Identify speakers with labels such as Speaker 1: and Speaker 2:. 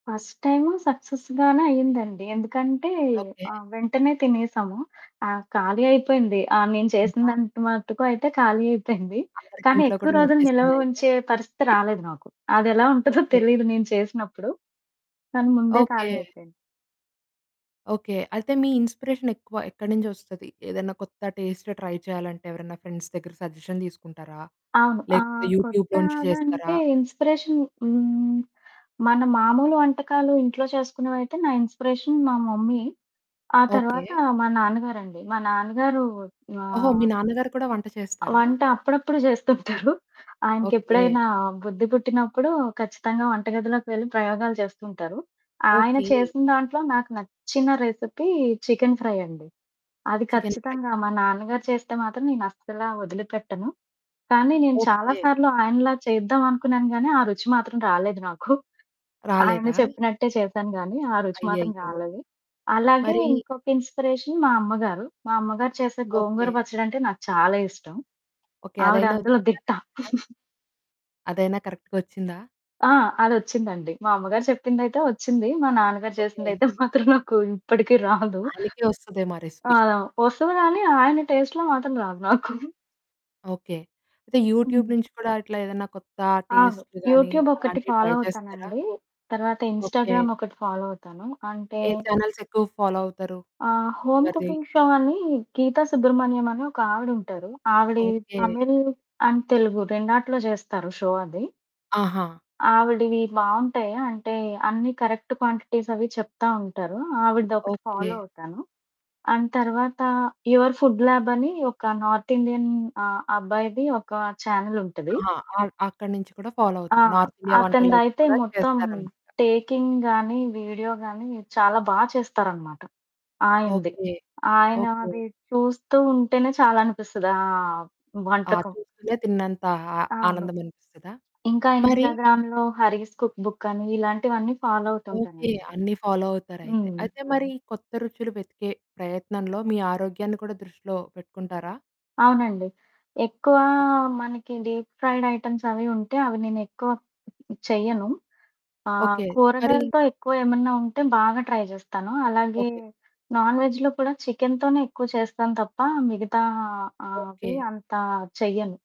Speaker 1: First time సక్సెస్‌గానే అయ్యిందండి. ఎందుకంటే,
Speaker 2: okay.
Speaker 1: ఆహ్, వెంటనే తినేశాము. ఆ! ఖాళీ అయిపోయింది. ఆహ్, నేను
Speaker 2: నువ్వా?
Speaker 1: చేసినదంత మటుకు అయితే ఖాళీ అయిపోయింది, కానీ
Speaker 2: అందరికింట్లో కూడా
Speaker 1: ఎక్కువ రోజులు నిలవ
Speaker 2: నచ్చేసిందయితే?
Speaker 1: ఉంచే పరిస్థితి రాలేదు నాకు. అదెలా ఉంటదో
Speaker 2: ఓకే.
Speaker 1: తెలీదు నేను చేసినప్పుడు, కానీ ముందే
Speaker 2: ఓకే.
Speaker 1: ఖాళీ అయిపోయింది.
Speaker 2: ఓకే. అయితే మీ ఇన్‌స్పిరేషనెక్కువ ఎక్కడి నింజొస్తది? ఏదన్నా కొత్త టేస్ట్ ట్రై చెయ్యాలంటే ఎవరన్నా ఫ్రెండ్స్ దగ్గర సజెషన్ దీసుకుంటారా,
Speaker 1: అవును.
Speaker 2: లేకపోతే
Speaker 1: ఆహ్,
Speaker 2: యూట్యూబ్‌లోంచి
Speaker 1: కొత్తాగంటే,
Speaker 2: జేస్తరా?
Speaker 1: ఇన్‌స్పిరేషన్ హ్మ్. మన మామూలు వంటకాలు ఇంట్లో చేసుకునేవయితే నా ఇన్‌స్పిరేషన్ మా మమ్మీ. ఆ
Speaker 2: ఓకే.
Speaker 1: తర్వాత మా నాన్నగారండి. మా నాన్న గారు ఆ!
Speaker 2: ఓహో! మీ నాన్నగారు కూడా వంట చేస్తారా?
Speaker 1: వంట అప్పుడప్పుడు జేస్తుంటరు.
Speaker 2: ఓకే.
Speaker 1: ఆయనకెప్పుడైనా బుద్ధి పుట్టినప్పుడూ ఖచ్చితంగా వంట గదిలోకి వెళ్లి ప్రయోగాలు చేస్తుంటరు. ఆయన
Speaker 2: ఓకే.
Speaker 1: చేసిన దాంట్లో నాకు నచ్చిన రెసిపీ చికెను ఫ్రై అండి. అది
Speaker 2: చికెను ఫ్రై.
Speaker 1: ఖచ్చితంగా మా నాన్నగారు చేస్తే మాత్రం నేనస్సలా ఒదిలిపెట్టను, కానీ నేను చాలా
Speaker 2: ఓకే.
Speaker 1: సార్లు ఆయనలా చేద్దామనుకున్నాను, గానీ ఆ రుచి మాత్రం రాలేదు నాకు. ఆయన
Speaker 2: రాలేదా?
Speaker 1: చెప్పినట్టే చేశాను, గానీ ఆ రుచి మాత్రం
Speaker 2: అయ్యయ్యో!
Speaker 1: రాలేదు. అలాగే,
Speaker 2: మరీ
Speaker 1: ఇంకొక ఇన్‌స్పిరేషన్ మా అమ్మగారు. మా అమ్మగారు చేసే గోంగూర
Speaker 2: ఓకే.
Speaker 1: పచ్చడంటే నాకు చాలా ఇష్టం.
Speaker 2: ఓకే.
Speaker 1: ఆవిడ
Speaker 2: అదైనా
Speaker 1: అందులో
Speaker 2: ఒచ్చిందా
Speaker 1: దిట్ట.
Speaker 2: కరక్ట్‌గా? అదైనా కరక్ట్‌గొచ్చిందా?
Speaker 1: ఆ! అదొచ్చిందండి. మా అమ్మగారు చెప్పిందయితే ఒచ్చింది. మా నాన్నగారు
Speaker 2: ఓకే.
Speaker 1: చేసిందయితే మాత్రం నాకు ఇప్పడికి రాదు.
Speaker 2: ఆయనకే ఒస్తదేమో ఆ రెసిపీ.
Speaker 1: ఆ! ఆ! ఒస్తది, గానీ ఆయన టేస్ట్‌లో మాత్రం రాదు నాకు.
Speaker 2: ఓకే. అయితే యూట్యూబ్
Speaker 1: హ్మ్.
Speaker 2: నుంచి కూడా ఇట్లా ఏదన్నా కొత్తా
Speaker 1: అవును.
Speaker 2: టేస్ట్ గానీ,
Speaker 1: యూట్యూబొకటి
Speaker 2: అలాంటియి
Speaker 1: ఫాలో
Speaker 2: ట్రై చేస్తారా?
Speaker 1: అవుతానండీ. తర్వాత
Speaker 2: ఓకే.
Speaker 1: ఇన్‌స్టాగ్రామొకటి ఫాలో అవుతాను. అంటే
Speaker 2: ఏ ఛానెల్సెక్కువగ ఫాలో అవుతారు,
Speaker 1: ఆ! 'హోమ్
Speaker 2: ఎవరిది?
Speaker 1: కుకింగ్ షో' అనీ గీత సుబ్రహ్మణ్యమని ఒకావిడుంటారు. ఆవిడీ
Speaker 2: ఓకే.
Speaker 1: తమిళ్ అండ్ తెలుగు రెండాటిలో జేస్తారు షో అది.
Speaker 2: ఆహా!
Speaker 1: ఆవిడివి బావుంటాయి. అంటే, అన్నీ కరెక్ట్ క్వాంటిటీసవి చెప్తా ఉంటారు. ఆవిడదొకటి
Speaker 2: ఓకే.
Speaker 1: ఫాలో అవుతాను. అండ్ తర్వాతా 'యువర్ ఫుడ్ ల్యాబనీ' ఒక నార్తిండియన్ అబ్బాయిది ఒకా ఛానెలుంటది.
Speaker 2: ఆహా! అ అక్కడ నించి కూడా ఫాలో
Speaker 1: ఆ!
Speaker 2: అవుతారు. నార్తిండియా వంటలైనా
Speaker 1: అతనిదయితే
Speaker 2: కూడా
Speaker 1: మొత్తం
Speaker 2: చేస్తారనమాట.
Speaker 1: టేకింగ్ గానీ, వీడియో గానీ, చాలా బా చేస్తారనమాట ఆయనది.
Speaker 2: ఓకే. ఓకే.
Speaker 1: ఆయనాది చూస్తూ ఉంటేనే చాలనిపిస్తది ఆహ్,
Speaker 2: ఆ!
Speaker 1: వంటకం.
Speaker 2: చూస్తేనే తిన్నంతా హా
Speaker 1: అవును.
Speaker 2: ఆనందమనిపిస్తదా?
Speaker 1: ఇంకా
Speaker 2: మరీ
Speaker 1: ఇన్‌స్టాగ్రామ్‌లో 'హరీష్ కుక్ బుక్కని' ఇలాంటివన్నీ ఫాలో
Speaker 2: ఓకే.
Speaker 1: అవుతుంటానండి.
Speaker 2: అన్నీ ఫాలో అవుతారయితే.
Speaker 1: హ్మ్.
Speaker 2: అయితే, మరీ కొత్త రుచులు వెతికే ప్రయత్నంలో మీ ఆరోగ్యాన్ని కూడా దృష్టిలో పెట్టుకుంటారా?
Speaker 1: అవునండి. ఎక్కువా
Speaker 2: ఓకే.
Speaker 1: మనకి డీప్ ఫ్రైడయిటెమ్సవి ఉంటే అవి నేనెక్కువ చెయ్యను. ఆ!
Speaker 2: ఓకే. మరి
Speaker 1: కూరగాయలతో ఎక్కువ ఏమన్నా ఉంటే బాగా ట్రై జేస్తాను. అలాగే
Speaker 2: ఓకే.
Speaker 1: నాన్ వెజ్‌లో కూడా చికెనుతోనే ఎక్కువ చేస్తాం తప్పా మిగతా ఆహ్,
Speaker 2: ఓకే.
Speaker 1: అవి అంతా చెయ్యను.